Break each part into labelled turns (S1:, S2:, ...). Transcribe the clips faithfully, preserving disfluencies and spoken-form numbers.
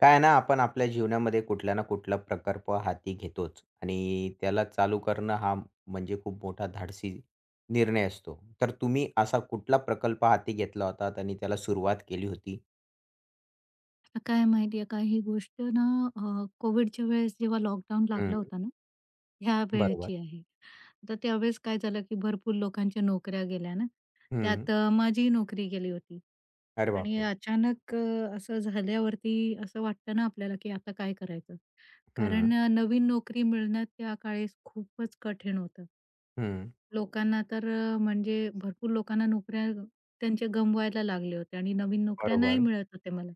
S1: काय आहे ना आपण आपल्या जीवनामध्ये कुठल्या ना कुठला प्रकल्प हाती घेतोच. आणि त्याला चालू करणं हा, म्हणजे खूप मोठा धाडसी निर्णय असतो. तर तुम्ही असा कुठला प्रकल्प हाती घेतला होतात आणि त्याला सुरुवात केली होती?
S2: आता काय माहिती आहे का? ही गोष्ट ना अ, कोविडच्या वेळेस जेव्हा लॉकडाऊन
S1: हं.
S2: लागला होता ना, या
S1: बरोबर.
S2: वेळेची आहे. तर त्यावेळेस काय झालं, की भरपूर लोकांच्या नोकऱ्या गेल्या ना.
S1: हं.
S2: त्यात अ, माझी नोकरी गेली होती.
S1: अरे
S2: आणि
S1: बापरे!
S2: अचानक अ, असं झाल्यावरती असं वाटतं ना आपल्याला, की आता काय करायचं? कारण
S1: हं.
S2: नवीन नोकरी मिळण्यात त्या काळेस खूपच कठीण होतं.
S1: हं.
S2: लोकांना तर अ, म्हणजे भरपूर लोकांना नोकऱ्या अ, त्यांचे गमवायला लागल्या होत्या आणि नवीन नोकऱ्या नाही
S1: बरोबर.
S2: मिळत होत्या मला.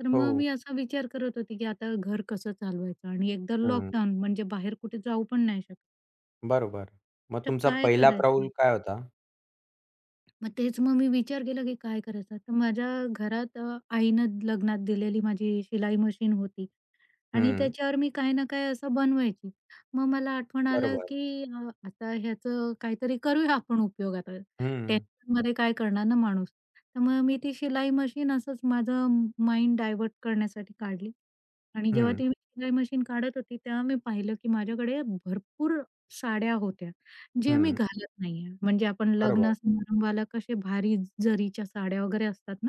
S2: तर मग
S1: हो.
S2: मी असा विचार करत होती, की आता घर कसं चालवायचं. आणि एकतर
S1: हं.
S2: लॉकडाउन. म्हणजे बाहेर कुठे जाऊ पण नाही शक
S1: बरोबर. मग
S2: तर
S1: तुमचा
S2: काय
S1: पहिला पाऊल
S2: करायचं?
S1: काय होता?
S2: मग तेच मग मी विचार केला, की काय करायचं? तर माझ्या घरात अ, आईनं लग्नात दिलेली माझी शिलाई मशीन होती. आणि
S1: हं.
S2: त्याच्यावर मी काही ना काही असं बनवायची. मग मला आठवण आली,
S1: बरोबर.
S2: की अ, आता ह्याचं काहीतरी करूया आपण उपयोग आता.
S1: हं.
S2: टेन्शनमध्ये काय करणार ना माणूस? तर मग मी ती शिलाई मशीन असंच माझं माइंड डायव्हर्ट करण्यासाठी काढली. आणि जेव्हा
S1: हं.
S2: ती शिलाई मशीन काढत होती तेव्हा मी पाहिलं, की माझ्याकडे भरपूर साड्या होत्या. ज्या मी
S1: हं.
S2: घालत नाही आहे. म्हणजे आपण लग्न
S1: बरोबर.
S2: समारंभाला कसे भारी जरीच्या साड्या वगैरे असतात ना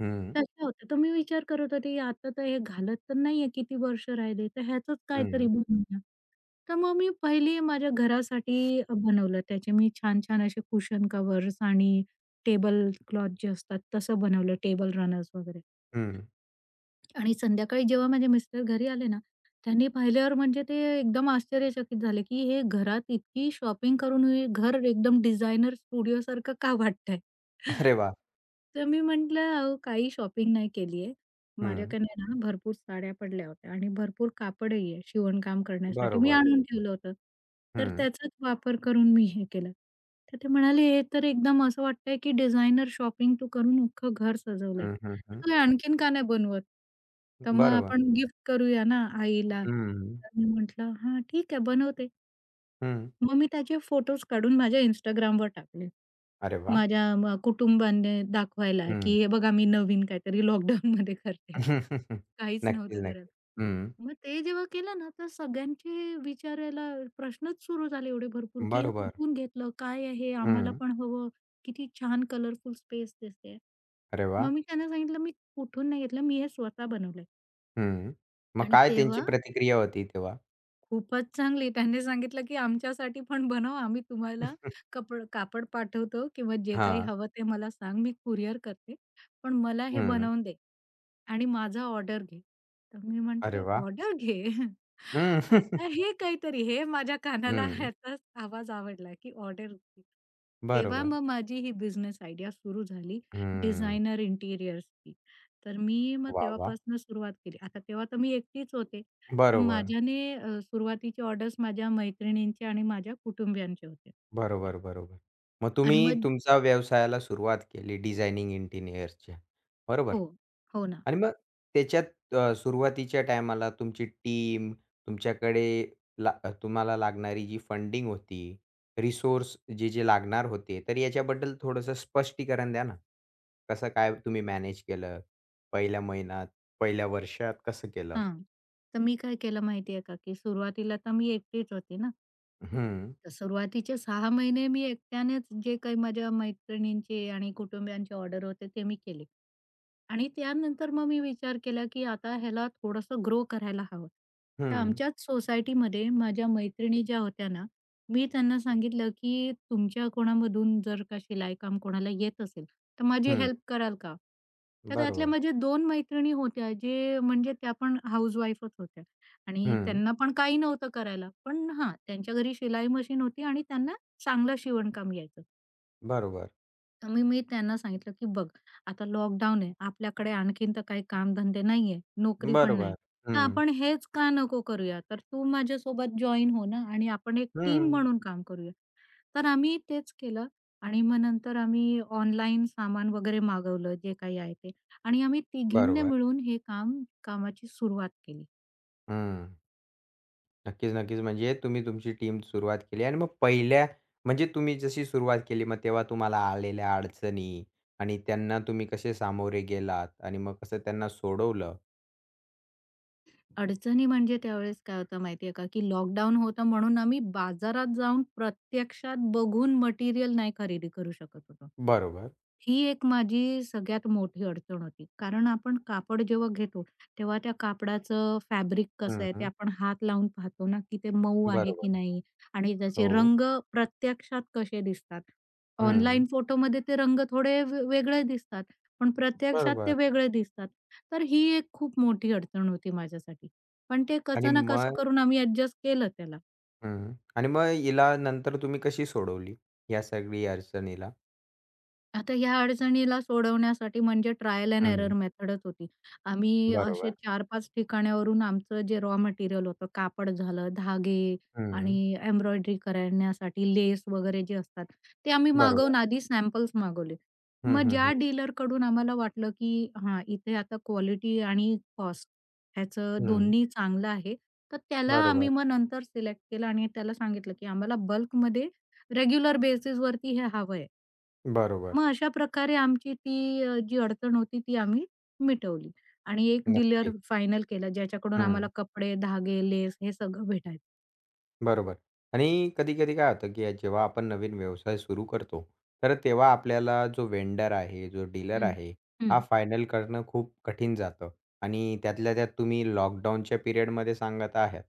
S1: हं.
S2: तशा होत्या. तर मी विचार करत होती आता तर हे घालत तर नाही आहे, किती वर्ष राहिली. तर ह्याचच
S1: हं.
S2: काहीतरी बनवूनया. तर मग मी पहिली माझ्या घरासाठी अ, बनवलं. त्याचे मी छान-छान असे कुशन कव्हर्स आणि टेबल क्लॉथ जे असतात. तसं बनवलं टेबल रनर्स वगैरे.
S1: हं.
S2: आणि संध्याकाळी जेव्हा माझे मिस्टर घरी आले ना, त्यांनी पाहिल्यावर म्हणजे ते एकदम आश्चर्यचकित झाले, की हे घरात इतकी शॉपिंग करून, घर एकदम डिझाइनर स्टुडिओ सारखं का वाटतंय?
S1: अरे वाह!
S2: तर मी म्हटलं अहो काही शॉपिंग नाही केली आहे.
S1: हं.
S2: माझ्याकडे ना भरपूर साड्या पडल्या होत्या. आणि भरपूर कापडही आहे. शिवणकाम करण्यासाठी मी
S1: बरोबर.
S2: आणून ठेवलं होतं. तर
S1: हं.
S2: त्याचाच वापर करून मी हे केलं. तर ते म्हणाले, "हे तर एकदम असं वाटतंय, की डिझायनर शॉपिंग तू करून अख्खं घर सजवलंय.
S1: हं, हं, हं.
S2: तू आणखीन का नाही बनवतं?" तर मग
S1: बरोबर.
S2: आपण गिफ्ट करूया ना आईला.
S1: हं.
S2: तर मी म्हटलं "हां, ठीक आहे बनवते."
S1: हं.
S2: मग मी त्याचे फोटोज काढून माझ्या Instagramवर टाकले.
S1: अरे वाह!
S2: माझ्या म कुटुंबाने दाखवायला की
S1: हं.
S2: हे बघा मी नवीन काहीतरी लॉकडाउनमध्ये करते, काहीच
S1: नक्कीच,
S2: नव्हतं करत.
S1: नक्कीच. हं.
S2: मग ते जेव्हा केलं ना तर सगळ्यांचे विचारायला प्रश्नच सुरु झाले एवढे भरपूर की "हे
S1: बरोबर.
S2: कुठून घेतलं? काय आहे? आम्हाला
S1: हं.
S2: पण हवं! किती छान कलरफुल स्पेस दिसतेय!"
S1: अरे वाह!
S2: मग मी त्यांना सांगितलं मी कुठून नाही घेतलं मी हे स्वतः बनवलंय.
S1: हं. मग
S2: आणि
S1: काय त्यांची
S2: तेव्हा
S1: प्रतिक्रिया होती तेव्हा?
S2: खूपच चांगली त्यांनी सांगितलं की "आमच्यासाठी पण बनवं, आम्ही तुम्हाला कपड कापड पाठवतो किंवा जे काही
S1: हां.
S2: हवं ते मला सांग, मी कुरिअर करते. पण मला हे
S1: हं.
S2: बनवून दे आणि माझा ऑर्डर घे." तर मी
S1: अरे
S2: म्हटलं,
S1: वाह!
S2: "ऑर्डर घे!?"
S1: हं.
S2: आता हे काहीतरी हे माझ्या कानाला
S1: हं.
S2: ह्याचा आवाज आवडला की ऑर्डर घे. तेव्हा
S1: बरोबर.
S2: मग माझी ही बिझनेस आयडिया सुरु झाली
S1: हम्म.
S2: डिझाइनर इंटिरियर्सची. तर मी मग
S1: वाह, वाह!
S2: तेव्हापासून सुरुवात केली. आता तेव्हा तर मी एकटीच होती. तर
S1: बरोबर.
S2: माझ्याने अ, सुरुवातीची ऑर्डर्स माझ्या मैत्रिणींचे आणि माझ्या कुटुंबियांचे होते.
S1: बरोबर, बरोबर. मग
S2: आणि
S1: तुम्ही
S2: मग
S1: तुमच्या व्यवसायाला सुरुवात केली डिझायनिंग इंटिरियरच्या बरोबर?
S2: हो. हो ना.
S1: आणि मग त्याच्यात अ, सुरुवातीच्या टायमाला तुमची टीम तुमच्याकडे, ला अ, ...तुम्हाला लागणारी जी फंडिंग होती. रिसोर्स जे-जे लागणार होते, तर याच्याबद्दल थोडंसं स्पष्टीकरण द्या ना! कसं काय तुम्ही मॅनेज केलं? पहिल्या महिन्यात, पहिल्या वर्षात कसं केलं?
S2: हां. तर मी काय केलं माहितीये का, की सुरुवातीला तर मी एकटीच होती ना.
S1: हं.
S2: तर सुरुवातीचे सहा महिने मी एकट्यानेच जे काही माझ्या मैत्रिणींचे आणि कुटुंबियांचे ऑर्डर होते ते मी केले. आणि त्यानंतर मग मी विचार केला की आता ह्याला थोडंसं ग्रो करायला हवं. तर
S1: हं.
S2: आमच्याच सोसायटीमध्ये माझ्या मैत्रिणी ज्या होत्या ना मी त्यांना सांगितलं की तुमच्या कोणामधून जर का शिलाई काम कोणाला येत असेल तर माझी
S1: हं.
S2: हेल्प कराल का? तर त्यातल्या
S1: बरोबर.
S2: माझ्या दोन मैत्रिणी होत्या जे म्हणजे त्यापण हाउसवाईफच होत्या आणि
S1: हं.
S2: त्यांना पण काही नव्हतं करायला, पण हां त्यांच्या घरी शिलाई मशीन होती आणि त्यांना चांगलं शिवणकाम यायचं.
S1: बरोबर.
S2: तर मी मी त्यांना सांगितलं की बघ आता लॉकडाउन आहे आपल्याकडे आणखीन तर काही कामधंदे नाहीयेत, नोकरी पण
S1: बरोबर,
S2: नाही तर
S1: हं.
S2: आपण हेच का नको करूया. तर तू माझ्यासोबत जॉइन हो ना आणि आपण एक टीम
S1: हं.
S2: म्हणून काम करूया. तर आम्ही तेच केलं आणि मग नंतर आम्ही ऑनलाईन सामान वगैरे मागवलं जे काही आहे ते आणि आम्ही तिघींनी
S1: बरोबर.
S2: मिळून हे काम कामाची सुरुवात केली.
S1: हं. नक्कीच, नक्कीच, म्हणजे तुम्ही तुमची टीम सुरुवात केली आणि मग पहिल्या म्हणजे तुम्ही जशी सुरुवात केली मग तेव्हा तुम्हाला आलेल्या अडचणी आणि त्यांना तुम्ही कसे सामोरे गेलात आणि मग कसं त्यांना सोडवलं?
S2: अडचणी म्हणजे, त्यावेळेस काय होतं माहितीये का, की लॉकडाउन होतं म्हणून आम्ही बाजारात जाऊन प्रत्यक्षात बघून मटेरिअल नाही खरेदी करू शकत होतो.
S1: बरोबर.
S2: ही एक माझी सगळ्यात मोठी अडचण होती, कारण आपण कापड जेव्हा घेतो तेव्हा त्या कापडाचं फॅब्रिक कसं
S1: हं,
S2: आहे ते
S1: हं.
S2: आपण हात लावून पाहतो ना, की ते मऊ आहे
S1: बरोबर.
S2: की नाही? आणि त्याचे
S1: हो.
S2: रंग प्रत्यक्षात कसे दिसतात. ऑनलाईन
S1: हं.
S2: फोटोमध्ये ते रंग थोडे वे वेगळे दिसतात. पण, प्रत्यक्षात ते
S1: बरोबर.
S2: वेगळे दिसतात तर ही एक खूप मोठी अडचण होती माझ्यासाठी, पण ते
S1: आणि
S2: कसं ना कसं
S1: मग?
S2: करून आम्ही एडजस्ट केलं त्याला.
S1: हं, आणि मग हिला नंतर तुम्ही कशी सोडवली या सगळ्या अडचणीला?
S2: आता ह्या अडचणीला सोडवण्यासाठी म्हणजे ट्रायल एंड एरर
S1: हं.
S2: मेथडच होती. आम्ही असे
S1: बरोबर.
S2: चार पाच ठिकाणावरून आमचं जे रॉ मटेरियल होतं कापड झालं धागे
S1: हं.
S2: आणि एम्ब्रॉयडरी करण्यासाठी लेस वगैरे जे असतात ते आम्ही मागवून
S1: बरोबर.
S2: आधी सॅम्पल्स मागवले,
S1: हं,
S2: मग
S1: हं,
S2: ज्या
S1: हं.
S2: डीलरकडून आम्हाला वाटलं की हा इथे आता क्वालिटी आणि कॉस्ट ह्याचं
S1: हं.
S2: दोन्ही चांगलं आहे. तर त्याला
S1: बरोबर.
S2: आम्ही मग नंतर सिलेक्ट केलं आणि त्याला सांगितलं की आम्हाला बल्कमध्ये रेग्युलर बेसिसवरती हे हवंय.
S1: बरोबर.
S2: मग अशा प्रकारे आमची ती अ, जी अडचण होती ती आम्ही मिटवली आणि एक डिलर
S1: नक्कीच.
S2: फायनल केला ज्याच्याकडून आम्हाला
S1: हं.
S2: कपडे, धागे, लेस हे सगळं भेटायचं.
S1: बरोबर, आणि कधी-कधी काय होतं, की जेव्हा आपण नवीन व्यवसाय सुरू करतो. तर तेव्हा आपल्याला जो वेन्डर आहे जो डीलर
S2: हं.
S1: आहे हा
S2: हं.
S1: फायनल करणं खूप कठीण जातं. आणि त्यातल्या त्यात तुम्ही लॉकडाऊनच्या पिरियडमध्ये सांगत आहात.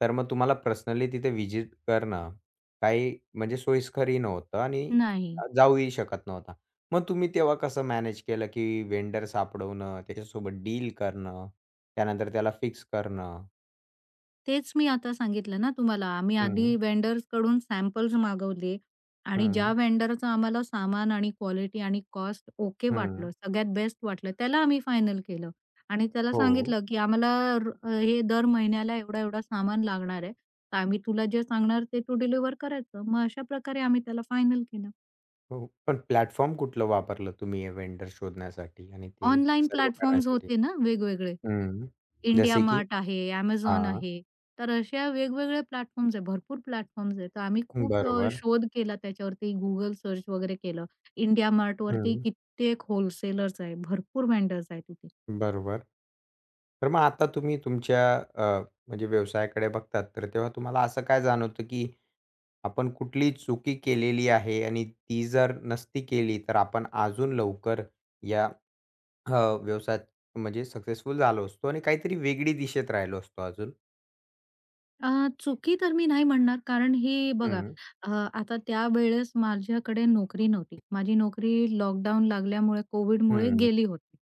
S1: तर मग तुम्हाला पर्सनली तिथे व्हिजिट करणं का ही म्हणजे सोयीस्करही नव्हतं, आणि
S2: नाही.
S1: जाऊही शकत नव्हता. मग तुम्ही तेव्हा कसं मॅनेज केलं? की वेन्डर सापडवणं, त्याच्यासोबत डील करणं, त्यानंतर त्याला फिक्स करणं.
S2: तेच मी आता सांगितलं ना तुम्हाला, आम्ही
S1: हं.
S2: आधी वेन्डर्सकडून सॅम्पल्स मागवले आणि ज्या
S1: हं.
S2: वेन्डरचं आम्हाला सामान, आणि क्वालिटी, आणि काॅस्ट ओके
S1: हं.
S2: वाटलं, सगळ्यात बेस्ट वाटलं. त्याला आम्ही फायनल केलं आणि त्याला
S1: हो.
S2: सांगितलं, की आम्हाला हे दर महिन्याला एवढा-एवढा सामान लागणार आहे. तर आम्ही तुला जे सांगणार, ते तू डिलिव्हर करायचं. मग अशा प्रकारे आम्ही त्याला फायनल केलं.
S1: हो, पण प्लॅटफॉर्म कुठलं वापरलं तुम्ही हे वेन्डर शोधण्यासाठी, आणि ते
S2: ऑनलाईन
S1: सर्व
S2: प्लॅटफॉर्म्स
S1: करण्यासाठी?
S2: होते ना वेगवेगळे.
S1: हं,
S2: इंडिया
S1: जसे की,
S2: मार्ट आहे, Amazon
S1: हां.
S2: आहे. तर असे वेगवेगळे प्लॅटफॉर्म्स आहेत, भरपूर प्लॅटफॉर्म्स आहेत. तर आम्ही खूप अ,
S1: बरोबर.
S2: शोध केला त्याच्यावरती, Google सर्च वगैरे केलं. इंडिया मार्टवरती
S1: हं.
S2: कित्येक व्होलसेलर्स आहेत. भरपूर वेन्डर आहेत तिथे.
S1: बरोबर. तर मग आता तुम्ही तुमच्या अ, म्हणजे व्यवसायाकडे बघतात. तर तेव्हा तुम्हाला असं काय जाणवतं, की आपण कुठलीही चुकी केलेली आहे आणि ती जर नसती केली तर आपण अजून लवकर या हं, व्यवसायात म्हणजे सक्सेसफुल झालो असतो, आणि काहीतरी वेगळी दिशेत राहिलो असतो अजून?
S2: अ, चुकी तर मी नाही म्हणणार. कारण ही बघा
S1: हं.
S2: अ, आता त्यावेळेस माझ्याकडे नोकरी नव्हती. माझी नोकरी लॉकडाउन लागल्यामुळे कोव्हिडमुळे
S1: हं.
S2: गेली होती.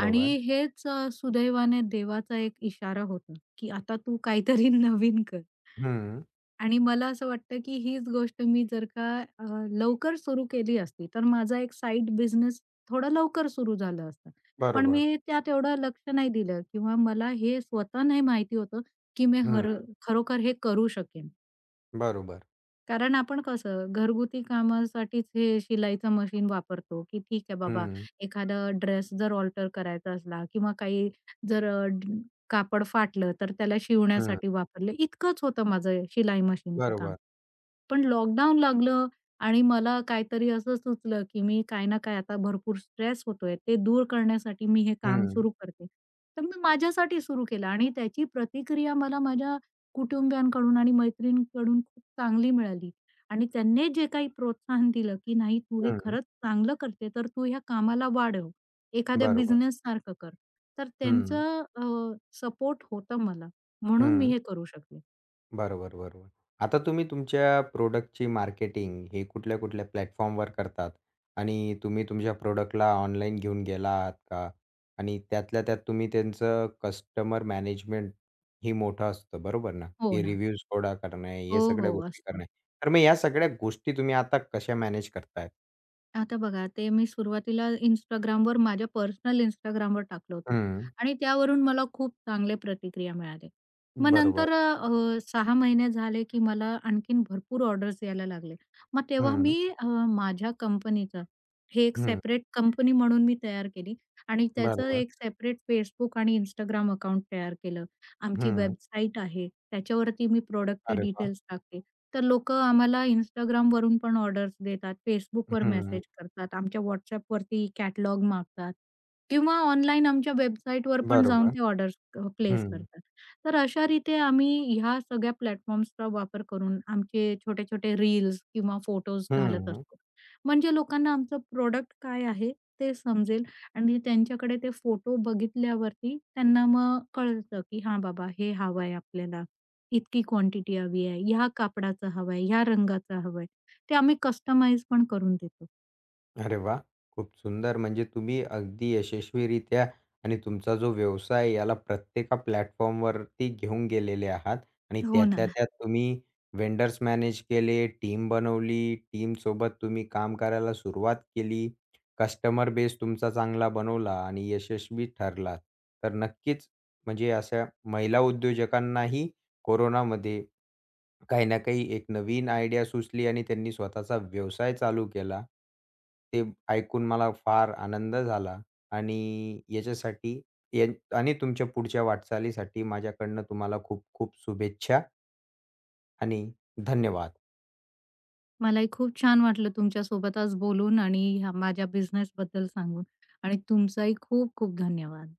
S2: आणि हेच अ, सुदैवाने देवाचा एक इशारा होता की आता तू काहीतरी नवीन कर.
S1: हं.
S2: आणि मला असं वाटतं की हीच गोष्ट मी जर का अ, लवकर सुरु केली असती तर माझा एक साइड बिझनेस थोडं लवकर सुरु झालं असतं. पण
S1: बरोबर.
S2: मी त्यात एवढं लक्ष नाही दिलं किंवा मला हे स्वतः नाही माहिती होतं की मी हर
S1: हं.
S2: खरोखर हे करू शकेन.
S1: बरोबर.
S2: कारण आपण कसं घरगुती कामासाठीच हे शिलाईचं मशीन वापरतो, की ठीक आहे बाबा
S1: हं.
S2: एखादा ड्रेस जर अल्टर करायचा असला किंवा काही जर अ, कापड फाटलं तर त्याला
S1: हं.
S2: शिवण्यासाठी वापरलं. इतकंच होतं माझं शिलाई मशीनचं काम.
S1: बरोबर.
S2: पण लॉकडाउन लागलं आणि मला काहीतरी असं सुचलं की मी काही ना काही आता भरपूर स्ट्रेस होतोय ते दूर करण्यासाठी मी हे काम
S1: हं.
S2: सुरु करते. तर मी माझ्यासाठी सुरु केलं आणि त्याची प्रतिक्रिया मला माझ्या कुटुंबियांकडून आणि मैत्रिणींकडून खूप चांगली मिळाली. आणि त्यांनी जे काही प्रोत्साहन दिलं की नाही तू हे
S1: हं.
S2: खरंच चांगलं करते तर तू ह्या कामाला वाढव. एखाद्या
S1: बरोबर.
S2: बिझनेस सारखं कर. तर
S1: हं.
S2: त्यांचं अ, सपोर्ट होतं मला. म्हणून मी
S1: हं.
S2: हे करू शकले.
S1: बरोबर-बरोबर. आता तुम्ही तुमच्या प्रॉडक्टची मार्केटिंग हे कुठल्या-कुठल्या प्लॅटफॉर्मवर करतात? आणि तुम्ही तुमच्या प्रॉडक्टला ऑनलाईन घेऊन गेला आहात का? आणि त्यातल्या त्यात तुम्ही त्यांचं कस्टमर मॅनेजमेंट हे मोठं असतं, बरोबर ना?
S2: हो
S1: की
S2: ना.
S1: रिव्ह्यूज गोळा करणे, हे
S2: हो,
S1: सगळ्या
S2: हो.
S1: गोष्टी
S2: असतं.
S1: करणे. तर मग या सगळ्या गोष्टी तुम्ही आता कशा मॅनेज करताय?
S2: आता बघा, ते मी सुरुवातीला Instagramवर माझ्या पर्सनल Instagramवर टाकलं होतं.
S1: हं.
S2: आणि त्यावरून मला खूप चांगले प्रतिक्रिया मिळाल्या. मग
S1: बरोबर.
S2: नंतर अ, सहा महिने झाले की मला आणखीन भरपूर ऑर्डर्स यायला लागले. मग तेव्हा
S1: हं.
S2: मी अ, माझ्या कंपनीचं हे एक
S1: हं.
S2: सेपरेट कंपनी म्हणून मी तयार केली आणि त्याचं
S1: बरोबर.
S2: एक सेपरेट Facebook आणि Instagram अकाउंट तयार केलं. आमची
S1: हं.
S2: वेबसाईट आहे. त्याच्यावरती मी प्रॉडक्टचे
S1: अरे वाह!
S2: डिटेल्स टाकते. तर लोकं आम्हाला Instagramवरून पण ऑर्डर्स देतात.
S1: अ,
S2: Facebookवर मेसेज
S1: हं.
S2: करतात. आमच्या WhatsAppवरती कॅटलॉग मागतात. किंवा ऑनलाईन आमच्या वेबसाईटवर पण जाऊन
S1: बरोबर.
S2: ते ऑर्डर्स अ, प्लेस
S1: हं
S2: करतात. तर अशारिते आम्ही ह्या सगळ्या प्लॅटफॉर्म्सचा वापर करून आमचे छोटे-छोटे रील्स किंवा फोटोज घालत
S1: हं.
S2: असतो. म्हणजे लोकांना आमचं प्रॉडक्ट काय आहे? ते समजेल, आणि त्यांच्याकडे ते फोटो बघितल्यावरती त्यांना मग कळतं, की "हा बाबा, हे हवंय आपल्याला. इतकी क्वांटिटी हवी आहे. ह्या कापडाचं हवंय, ह्या रंगाचं हवंय." ते आम्ही कस्टमाईज पण करून देतो.
S1: अरे वाह! खूप सुंदर म्हणजे तुम्ही अगदी यशस्वीरित्या आणि तुमचा जो व्यवसाय याला प्रत्येका प्लॅटफॉर्मवरती घेऊन गेलेले आहात. आणि
S2: हो ना.
S1: त्यातल्या त्यात तुम्ही व्हेंडर्स मॅनेज केले, टीम बनवली. टीमसोबत तुम्ही काम करायला सुरुवात केली. कस्टमर बेस तुमचा चांगला बनवला आणि यशस्वी ठरला. तर नक्कीच म्हणजे अशा महिला उद्योजकांनाही कोरोनामध्ये काही ना काही एक नवीन आयडिया सुचली आणि त्यांनी स्वतःचा व्यवसाय चालू केला. ते ऐकून मला फार आनंद झाला आणि याच्यासाठी ये आणि तुमच्या पुढच्या वाटचालीसाठी माझ्याकडून तुम्हाला खूप खूप शुभेच्छा! आणि धन्यवाद!
S2: मलाही खूप छान वाटलं तुमच्यासोबत आज बोलून आणि ह्या माझ्या बिझनेसबद्दल सांगून आणि तुमचाही खूप खूप धन्यवाद!